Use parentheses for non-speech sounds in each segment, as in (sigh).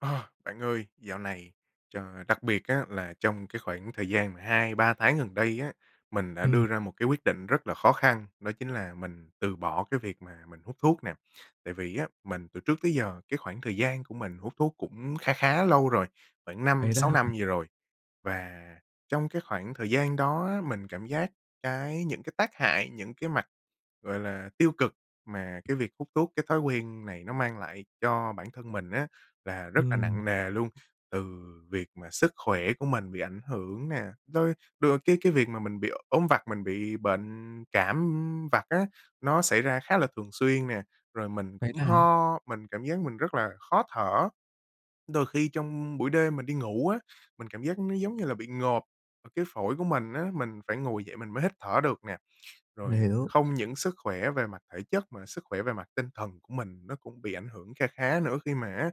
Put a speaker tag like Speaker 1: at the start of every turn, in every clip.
Speaker 1: À, bạn ơi, dạo này ch đặc biệt á là trong cái khoảng thời gian mà 2-3 tháng gần đây á, mình đã
Speaker 2: Ừm.
Speaker 1: đưa ra một cái quyết định rất là khó khăn, đó chính là mình từ bỏ cái việc mà mình hút thuốc nè. Tại vì á, mình từ trước tới giờ, cái khoảng thời gian của mình hút thuốc cũng kha khá lâu rồi, khoảng năm
Speaker 2: Vậy đó
Speaker 1: sáu
Speaker 2: ha?
Speaker 1: năm gì rồi. Và trong cái khoảng thời gian đó á, mình cảm giác cái những cái tác hại, những cái mặt, gọi là, tiêu cực mà cái việc hút thuốc, cái thói quen này nó mang lại cho bản thân mình á, là rất là
Speaker 2: Ừm.
Speaker 1: nặng nề luôn. Từ việc mà sức khỏe của mình bị ảnh hưởng nè, tới đ cái cái việc mà mình bị ốm vặt, mình bị bệnh cảm, ưm, vặt á, nó xảy ra khá là thường xuyên nè, rồi mình
Speaker 2: Vậy
Speaker 1: cũng
Speaker 2: đó hả?
Speaker 1: ho, mình cảm giác mình rất là khó thở. Đôi khi trong buổi đêm mình đi ngủ á, mình cảm giác nó giống như là bị ngộp, cái phổi của mình á, mình phải ngồi dậy mình mới hít thở được nè.
Speaker 2: Mình
Speaker 1: Rồi
Speaker 2: hiểu.
Speaker 1: không những sức khỏe về mặt thể chất, mà sức khỏe về mặt tinh thần của mình nó cũng bị ảnh hưởng kha khá nữa, khi mà á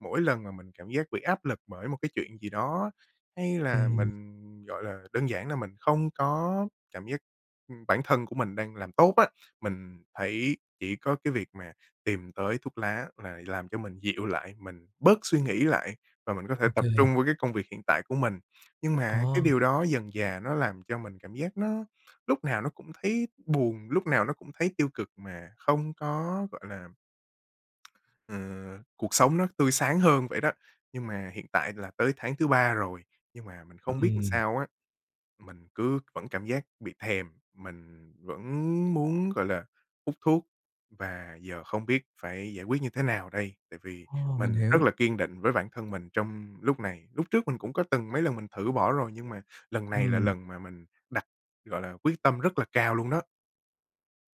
Speaker 1: mỗi lần mà mình cảm giác bị áp lực bởi một cái chuyện gì đó, hay là
Speaker 2: Ừm.
Speaker 1: mình, gọi là, đơn giản là mình không có cảm giác, ừm, bản thân của mình đang làm tốt á, mình thấy chỉ có cái việc mà tìm tới thuốc lá là làm cho mình dịu lại, mình bớt suy nghĩ lại và mình có thể tập
Speaker 2: OK.
Speaker 1: trung vô cái công việc hiện tại của mình. Nhưng mà á, cái điều
Speaker 2: Ồ.
Speaker 1: đó dần dà nó làm cho mình cảm giác nó lúc nào nó cũng thấy buồn, lúc nào nó cũng thấy tiêu cực, mà không có, gọi là (clicks tongue) ờ, cuộc sống nó tươi sáng hơn vậy đó. Nhưng mà hiện tại là tới tháng thứ 3 rồi, nhưng mà mình không biết làm
Speaker 2: Ừm.
Speaker 1: sao á, mình cứ vẫn cảm giác bị thèm, mình vẫn muốn, gọi là, hút thuốc. Và giờ không biết phải giải quyết như thế nào đây, tại vì
Speaker 2: Ồ, mình
Speaker 1: mình rất
Speaker 2: hiểu.
Speaker 1: là kiên định với bản thân mình trong lúc này. Lúc trước mình cũng có từng mấy lần mình thử bỏ rồi, nhưng mà lần này là
Speaker 2: Ừm.
Speaker 1: lần mà mình đặt, gọi là, quyết tâm rất là cao luôn đó.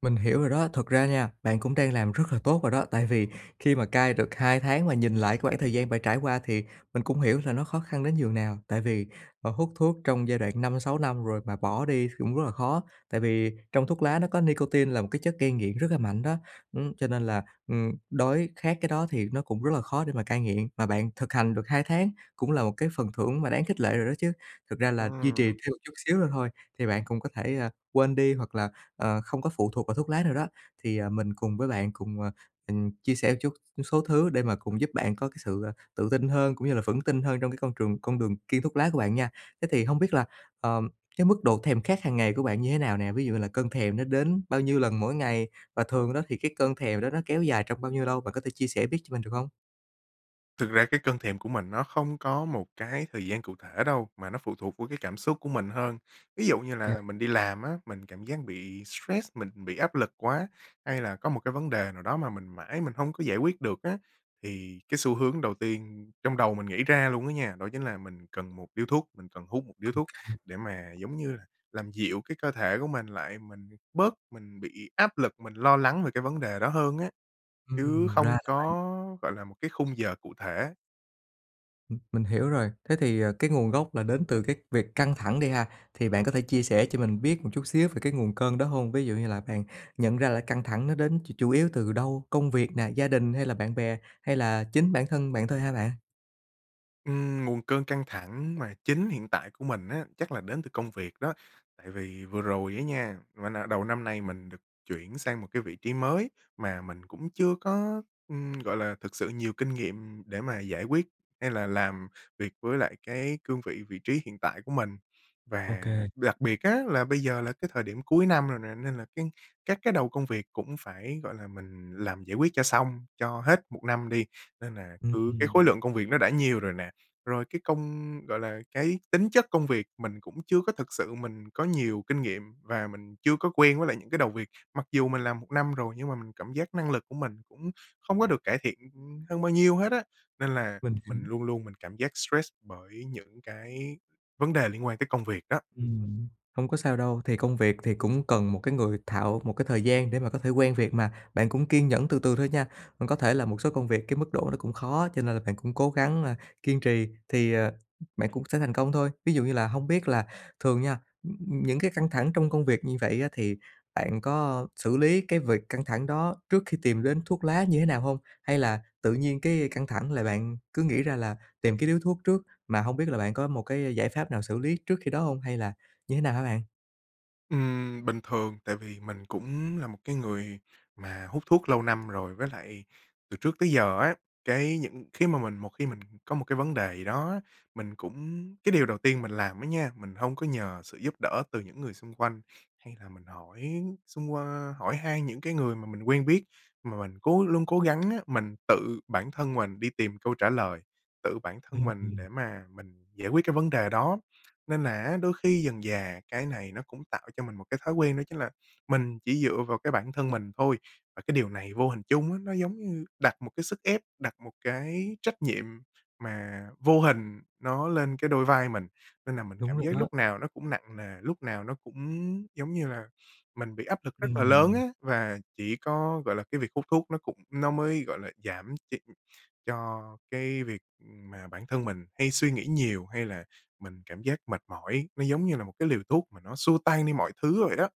Speaker 2: Mình hiểu rồi đó, thật ra nha, bạn cũng đang làm rất là tốt rồi đó, tại vì khi mà cai được 2 tháng mà nhìn lại cái khoảng thời gian bạn trải qua, thì mình cũng hiểu là nó khó khăn đến nhường nào. Tại vì, ờ, hút thuốc trong giai đoạn 5-6 năm rồi mà bỏ đi thì cũng rất là khó. Tại vì trong thuốc lá nó có nicotine là một cái chất gây nghiện rất là mạnh đó, ưm, cho nên là, ừm, đói khát cái đó thì nó cũng rất là khó để mà cai nghiện, mà bạn thực hành được 2 tháng cũng là một cái phần thưởng mà đáng khích lệ rồi đó chứ. Thực ra là duy trì
Speaker 1: Ừm.
Speaker 2: thêm một chút xíu nữa thôi thì bạn cũng có thể, à, quên đi hoặc là, ờ, không có phụ thuộc vào thuốc lá nữa đó. Thì, à, mình cùng với bạn cùng, à, ừm, mình chia sẻ một chút số thứ để mà cùng giúp bạn có cái sự, ờ, tự tin hơn, cũng như là vững tin hơn trong cái con trường con đường kiêng thuốc lá của bạn nha. Thế thì hông biết là, ờm, cái mức độ thèm khát hàng ngày của bạn như thế nào nè, ví dụ như là cơn thèm nó đến bao nhiêu lần mỗi ngày và thường đó thì cái cơn thèm đó nó kéo dài trong bao nhiêu lâu, bạn có thể chia sẻ biết cho mình được hông?
Speaker 1: Thực ra cái cơn thèm của mình nó không có một cái thời gian cụ thể đâu, mà nó phụ thuộc vô cái cảm xúc của mình hơn. Ví dụ như
Speaker 2: Kê.
Speaker 1: là mình đi làm á, mình cảm giác bị stress, mình bị áp lực quá, hay là có một cái vấn đề nào đó mà mình mãi mình hông có giải quyết được á, thì cái xu hướng đầu tiên trong đầu mình nghĩ ra luôn á nha, đó chính là mình cần 1 điếu thuốc, mình cần hút 1 điếu
Speaker 2: Ô
Speaker 1: thuốc
Speaker 2: kê.
Speaker 1: để mà, giống như là, làm dịu cái cơ thể của mình lại, mình bớt mình bị áp lực, mình lo lắng về cái vấn đề đó hơn á. Chứ
Speaker 2: Ừm, ra
Speaker 1: không
Speaker 2: là vậy!
Speaker 1: có, gọi là, một cái khung giờ cụ thể.
Speaker 2: Ừm, mình hiểu rồi. Thế thì, à, cái nguồn gốc là đến từ cái việc căng thẳng đi ha, thì bạn có thể chia sẻ cho mình biết một chút xíu về cái nguồn cơn đó hông? Ví dụ như là bạn nhận ra là căng thẳng nó đến ch chủ yếu từ đâu, công việc nè, gia đình hay là bạn bè? Hay là chính bản thân bạn thôi hả bạn?
Speaker 1: Ừm, nguồn cơn căng thẳng mà chính hiện tại của mình á, chắc là đến từ công việc đó. Tại vì vừa rồi á nha, mình, à đầu năm nay mình được chuyển sang một cái vị trí mới mà mình cũng chưa có, ừm, gọi là, thực sự nhiều kinh nghiệm để mà giải quyết hay là làm việc với lại cái cương vị, vị trí hiện tại của mình. Và
Speaker 2: OK.
Speaker 1: đặc biệt á, là bây giờ là cái thời điểm cuối năm rồi nè, nên là cái các cái đầu công việc cũng phải, gọi là, mình làm giải quyết cho xong cho hết 1 năm đi. Nên là
Speaker 2: Ừm,
Speaker 1: cứ cái khối
Speaker 2: ừm.
Speaker 1: lượng công việc nó đã nhiều rồi nè, rồi cái công gọi là, cái tính chất công việc mình cũng chưa có thực sự mình có nhiều kinh nghiệm, và mình chưa có quen với lại những cái đầu việc. Mặc dù mình làm 1 năm rồi nhưng mà mình cảm giác năng lực của mình cũng không có được cải thiện, ừm, hơn bao nhiêu hết á, nên là
Speaker 2: Mình hiểu.
Speaker 1: mình luôn luôn mình cảm giác stress bởi những cái vấn đề liên quan tới công việc đó.
Speaker 2: Ừm, hông có sao đâu. Thì công việc thì cũng cần một cái người thạo một cái thời gian để mà có thể quen việc mà, bạn cũng kiên nhẫn từ từ thôi nha. Mình có thể làm một số công việc cái mức độ nó cũng khó, cho nên là bạn cũng cố gắng, a, kiên trì thì, ờ, ừm, bạn cũng sẽ thành công thôi. Ví dụ như là hông biết là thường nha, ừm, những cái căng thẳng trong công việc như vậy á, thì bạn có xử lý cái việc căng thẳng đó trước khi tìm đến thuốc lá như thế nào hông? Hay là tự nhiên cái căng thẳng là bạn cứ nghĩ ra là tìm cái điếu thuốc trước, mà hông biết là bạn có một cái giải pháp nào xử lý trước khi đó hông? Hay là như thế nào hả bạn?
Speaker 1: Ừm, bình thường tại vì mình cũng là một cái người mà hút thuốc lâu năm rồi. Với lại từ trước tới giờ á, cái những khi mà mình một khi mình có một cái vấn đề gì đó á, mình cũng cái điều đầu tiên mình làm á nha, mình hông có nhờ sự giúp đỡ từ những người xung quanh hay là mình hỏi xung qua hỏi han những cái người mà mình quen biết, mà mình cố luôn cố gắng á, mình tự bản thân mình đi tìm câu trả lời, tự bản thân
Speaker 2: Ừm,
Speaker 1: mình
Speaker 2: ừm.
Speaker 1: để mà mình giải quyết cái vấn đề đó. Nên là á, đôi khi dần dà cái này nó cũng tạo cho mình một cái thói quen, đó chính là mình chỉ dựa vào cái bản thân mình thôi. Và cái điều này vô hình chung á, nó giống như đặt một cái sức ép, đặt một cái trách nhiệm mà vô hình nó lên cái đôi vai mình. Nên là mình
Speaker 2: Đúng
Speaker 1: cảm
Speaker 2: rồi
Speaker 1: giác
Speaker 2: đó.
Speaker 1: lúc nào nó cũng nặng nề, lúc nào nó cũng, giống như là, mình bị áp lực rất là lớn á,
Speaker 2: Ừm.
Speaker 1: và chỉ có, gọi là, cái việc hút thuốc nó cũng nó mới, gọi là, giảm ch cho cái việc, ừm, mà bản thân mình hay suy nghĩ nhiều hay là mình cảm giác mệt mỏi, nó giống như là một cái liều thuốc mà nó xua tan đi mọi thứ vậy đó.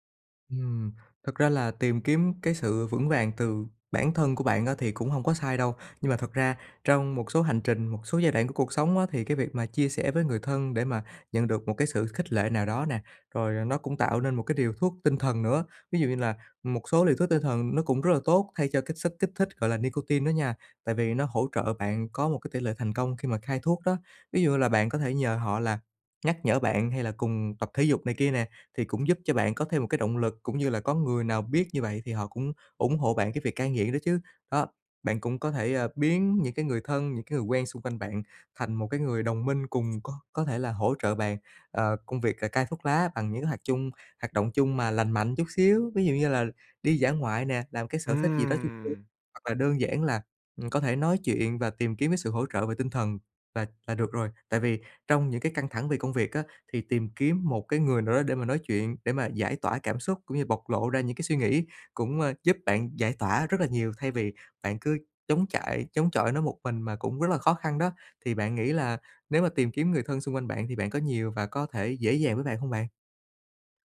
Speaker 2: Ừm, thật ra là tìm kiếm cái sự vững vàng từ bản thân của bạn á thì cũng hông có sai đâu. Nhưng mà thật ra trong một số hành trình, một số giai đoạn của cuộc sống á, thì cái việc mà chia sẻ với người thân để mà nhận được một cái sự khích lệ nào đó nè, rồi nó cũng tạo nên một cái liều thuốc tinh thần nữa. Ví dụ như là một số liều thuốc tinh thần nó cũng rất là tốt thay cho cái chất kích thích gọi là nicotine đó nha, tại vì nó hỗ trợ bạn có một cái tỉ lệ thành công khi mà cai thuốc đó. Ví dụ như là bạn có thể nhờ họ là nhắc nhở bạn, hay là cùng tập thể dục này kia nè, thì cũng giúp cho bạn có thêm một cái động lực, cũng như là có người nào biết như vậy thì họ cũng ủng hộ bạn cái việc cai nghiện đó chứ. Đó, bạn cũng có thể, ờ, biến những cái người thân, những cái người quen xung quanh bạn thành một cái người đồng minh cùng có có thể là hỗ trợ bạn ờ, công việc ca cai thuốc lá bằng những cái hoạt chung hoạt động chung mà lành mạnh chút xíu, ví dụ như là đi dã ngoại nè, làm một cái sở thích gì đó vui vui,
Speaker 1: Ừm.
Speaker 2: hoặc là đơn giản là, ừm, có thể nói chuyện và tìm kiếm cái sự hỗ trợ về tinh thần là là được rồi. Tại vì trong những cái căng thẳng về công việc á, thì tìm kiếm một cái người nào đó để mà nói chuyện, để mà giải tỏa cảm xúc cũng như bộc lộ ra những cái suy nghĩ cũng, à, giúp bạn giải tỏa rất là nhiều thay vì bạn cứ chống chạy chống chọi nó một mình mà cũng rất là khó khăn đó. Thì bạn nghĩ là nếu mà tìm kiếm người thân xung quanh bạn thì bạn có nhiều và có thể dễ dàng với bạn hông bạn?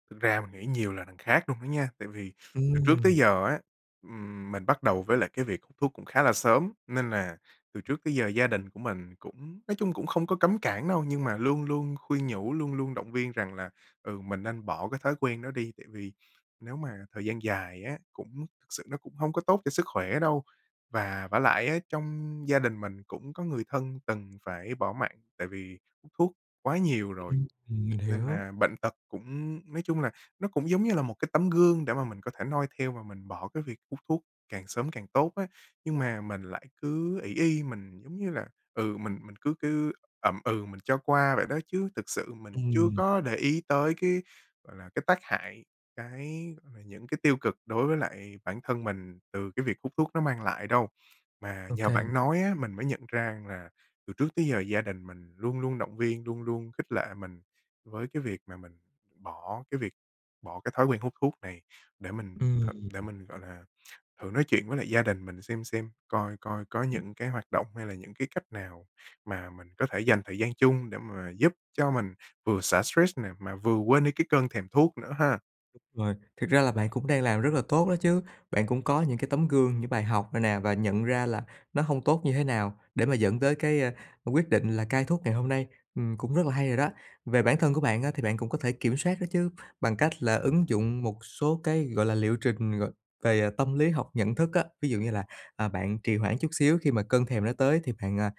Speaker 1: Thực ra mình nghĩ nhiều là đằng khác luôn đó nha. Tại vì từ trước tới
Speaker 2: Ừm.
Speaker 1: giờ á, ừm, mình bắt đầu với lại cái việc thuốc cũng khá là sớm nên là từ trước tới giờ gia đình của mình cũng nói chung cũng không có cấm cản đâu, nhưng mà luôn luôn khuyên nhủ, luôn luôn động viên rằng là, ừ, mình nên bỏ cái thói quen đó đi, tại vì nếu mà thời gian dài á, cũng sự nó cũng hông có tốt cho sức khỏe đâu. Và vả lại á trong gia đình mình cũng có người thân từng phải bỏ mạng tại vì hút thuốc quá nhiều rồi,
Speaker 2: Ưm, ừm, mình
Speaker 1: nên
Speaker 2: hiểu.
Speaker 1: là bệnh tật cũng nói chung là nó cũng giống như là một cái tấm gương để mà mình có thể noi theo và mình bỏ cái việc hút thuốc càng sớm càng tốt á. Nhưng mà mình lại cứ ỷ y, mình giống như là, ừ, mình mình cứ cứ ậm ừ mình cho qua vậy đó chứ thực sự mình chưa
Speaker 2: Ừm.
Speaker 1: có để ý tới cái, gọi là, cái tác hại, cái mà những cái tiêu cực đối với lại bản thân mình từ cái việc hút thuốc nó mang lại đâu. Mà
Speaker 2: Ô
Speaker 1: nhờ
Speaker 2: kê.
Speaker 1: bạn nói á, mình mới nhận ra là từ trước tới giờ gia đình mình luôn luôn động viên, luôn luôn khích lệ mình với cái việc mà mình bỏ cái việc bỏ cái thói quen hút thuốc này. Để mình
Speaker 2: Ừm.
Speaker 1: th để mình, gọi là, thử nói chuyện với lại gia đình mình xem xem, coi coi có
Speaker 2: Ừm.
Speaker 1: những cái hoạt động hay là những cái cách nào mà mình có thể dành thời gian chung để mà giúp cho mình vừa xả stress nè mà vừa quên đi cái cơn thèm thuốc nữa ha.
Speaker 2: Rồi, thực ra là bạn cũng đang làm rất là tốt đó chứ. Bạn cũng có những cái tấm gương, những bài học này nè và nhận ra là nó hông tốt như thế nào để mà dẫn tới cái, a, quyết định là cai thuốc ngày hôm nay. Ừm, cũng rất là hay rồi đó. Về bản thân của bạn á thì bạn cũng có thể kiểm soát đó chứ, bằng cách là ứng dụng một số cái, gọi là, liệu trình, gọi, về, à, tâm lý học nhận thức á. Ví dụ như là, à, bạn trì hoãn chút xíu khi mà cơn thèm nó tới thì bạn, à,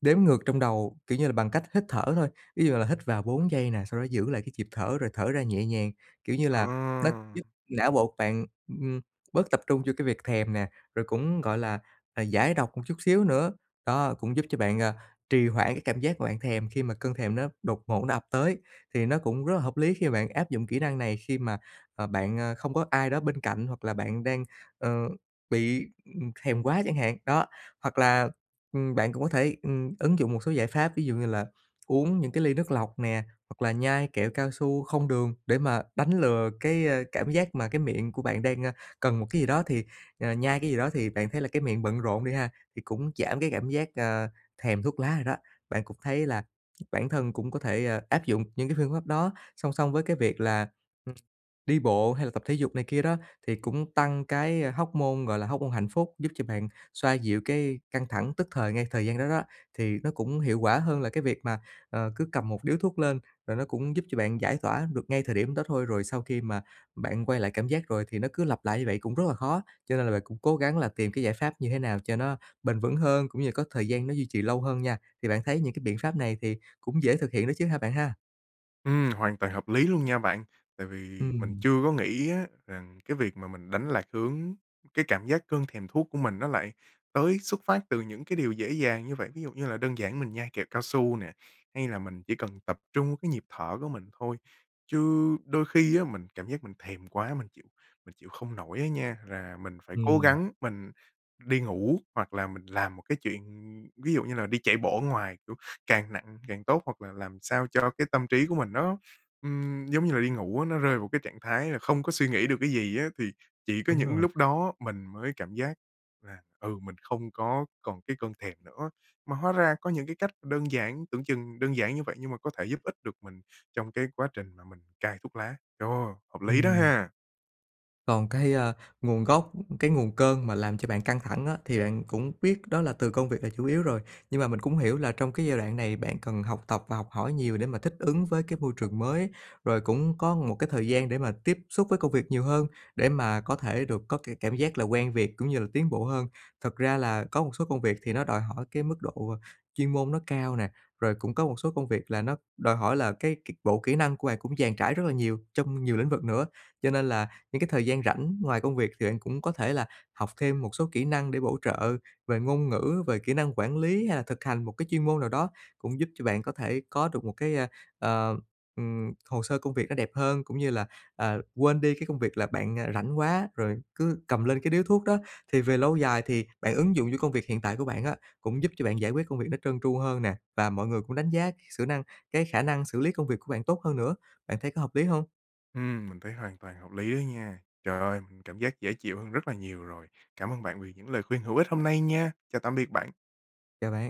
Speaker 2: đếm ngược trong đầu, kiểu như, bằng cách hít thở thôi. Ví dụ là hít vào 4 giây nè sau đó giữ lại cái nhịp thở rồi thở ra nhẹ nhàng, kiểu như
Speaker 1: Ờ.
Speaker 2: là, nó giúp não bộ bạn, ừm, bớt tập trung cho cái việc thèm nè, rồi cũng, gọi là, à, giải độc một chút xíu nữa. Đó cũng giúp cho bạn, à, trì hoãn cái cảm giác mà bạn thèm khi mà cơn thèm nó đột ngột nó ập tới thì nó cũng rất là hợp lý khi mà bạn áp dụng kỹ năng này khi mà, à, bạn, a, không có ai đó bên cạnh hoặc là bạn đang, ờ, bị, ừm, thèm quá chẳng hạn, đó. Hoặc là, ừm, bạn cũng có thể, ừm, ứng dụng một số giải pháp ví dụ như là uống những cái ly nước lọc nè, hoặc là nhai kẹo cao su không đường để mà đánh lừa cái, ơ, cảm giác mà cái miệng của bạn đang, a, cần một cái gì đó thì, ờ, nhai cái gì đó thì bạn thấy là cái miệng bận rộn đi ha, thì cũng giảm cái cảm giác, ơ, thèm thuốc lá rồi đó. Bạn cũng thấy là bản thân cũng có thể, ơ, áp dụng những cái phương pháp đó song song với cái việc là, ưm đi bộ hay là tập thể dục này kia đó thì cũng tăng cái, a, hoóc-môn gọi là hoóc-môn hạnh phúc, giúp cho bạn xoa dịu cái căng thẳng tức thời ngay thời gian đó đó, thì nó cũng hiệu quả hơn là cái việc mà, ờ, cứ cầm một điếu thuốc lên rồi nó cũng giúp cho bạn giải tỏa được ngay thời điểm đó thôi. Rồi sau khi mà bạn quay lại cảm giác rồi thì nó cứ lặp lại như vậy cũng rất là khó. Cho nên là bạn cũng cố gắng là tìm cái giải pháp như thế nào cho nó bền vững hơn cũng như là có thời gian nó duy trì lâu hơn nha. Thì bạn thấy những cái biện pháp này thì cũng dễ thực hiện đó chứ ha bạn ha?
Speaker 1: Ừm, hoàn toàn hợp lý luôn nha bạn. Tại vì mình
Speaker 2: Ừm.
Speaker 1: chưa có nghĩ á, rằng cái việc mà mình đánh lạc hướng cái cảm giác cơn thèm thuốc của mình nó lại tới xuất phát từ những cái điều dễ dàng như vậy. Ví dụ như là đơn giản mình nhai kẹo cao su nè, hay là mình chỉ cần tập trung cái nhịp thở của mình thôi, chứ đôi khi á, mình cảm giác mình thèm quá, mình chịu mình chịu không nổi á nha, là mình phải cố
Speaker 2: Ừm.
Speaker 1: gắng mình đi ngủ, hoặc là mình làm một cái chuyện, ví dụ như là, đi chạy bộ ở ngoài, kiểu, càng nặng càng tốt, hoặc là làm sao cho cái tâm trí của mình nó, ừm, giống như là đi ngủ á, nó rơi vào cái trạng thái là không có suy nghĩ được cái gì á, thì chỉ có
Speaker 2: Đúng
Speaker 1: những
Speaker 2: rồi.
Speaker 1: lúc đó mình mới cảm giác là, ừ, mình không có còn cái cơn thèm nữa. Mà hóa ra có những cái cách đơn giản, tưởng chừng đơn giản như vậy nhưng mà có thể giúp ích được mình trong cái quá trình mà mình cai thuốc lá. Ồ, hợp lý đó
Speaker 2: Ừm.
Speaker 1: ha!
Speaker 2: Còn cái, a, nguồn gốc, cái nguồn cơn mà làm cho bạn căng thẳng á, thì bạn cũng biết đó là từ công việc là chủ yếu rồi. Nhưng mà mình cũng hiểu là trong cái giai đoạn này bạn cần học tập và học hỏi nhiều để mà thích ứng với cái môi trường mới. Rồi cũng có một cái thời gian để mà tiếp xúc với công việc nhiều hơn, để mà có thể được có cái cảm giác là quen việc cũng như là tiến bộ hơn. Thật ra là có một số công việc thì nó đòi hỏi cái mức độ chuyên môn nó cao nè, rồi cũng có một số công việc là nó đòi hỏi là cái cái bộ kỹ năng của bạn cũng dàn trải rất là nhiều trong nhiều lĩnh vực nữa. Cho nên là những cái thời gian rảnh ngoài công việc thì bạn cũng có thể là học thêm một số kỹ năng để bổ trợ về ngôn ngữ, về kỹ năng quản lý hay là thực hành một cái chuyên môn nào đó, cũng giúp cho bạn có thể có được một cái, ơ, ừm, ừm, hồ sơ công việc nó đẹp hơn, cũng như là, à, quên đi cái công việc là bạn rảnh quá rồi cứ cầm lên cái điếu thuốc đó. Thì về lâu dài thì bạn ứng dụng cho công việc hiện tại của bạn á, cũng giúp cho bạn giải quyết công việc nó trơn tru hơn nè, và mọi người cũng đánh giá cái xử năng cái khả năng xử lý công việc của bạn tốt hơn nữa. Bạn thấy có hợp lý hông?
Speaker 1: Ừm, mình thấy hoàn toàn hợp lý á nha. Trời ơi, mình cảm giác dễ chịu hơn rất là nhiều rồi. Cảm ơn bạn vì những lời khuyên hữu ích hôm nay nha. Chào tạm biệt bạn.
Speaker 2: Chào bạn.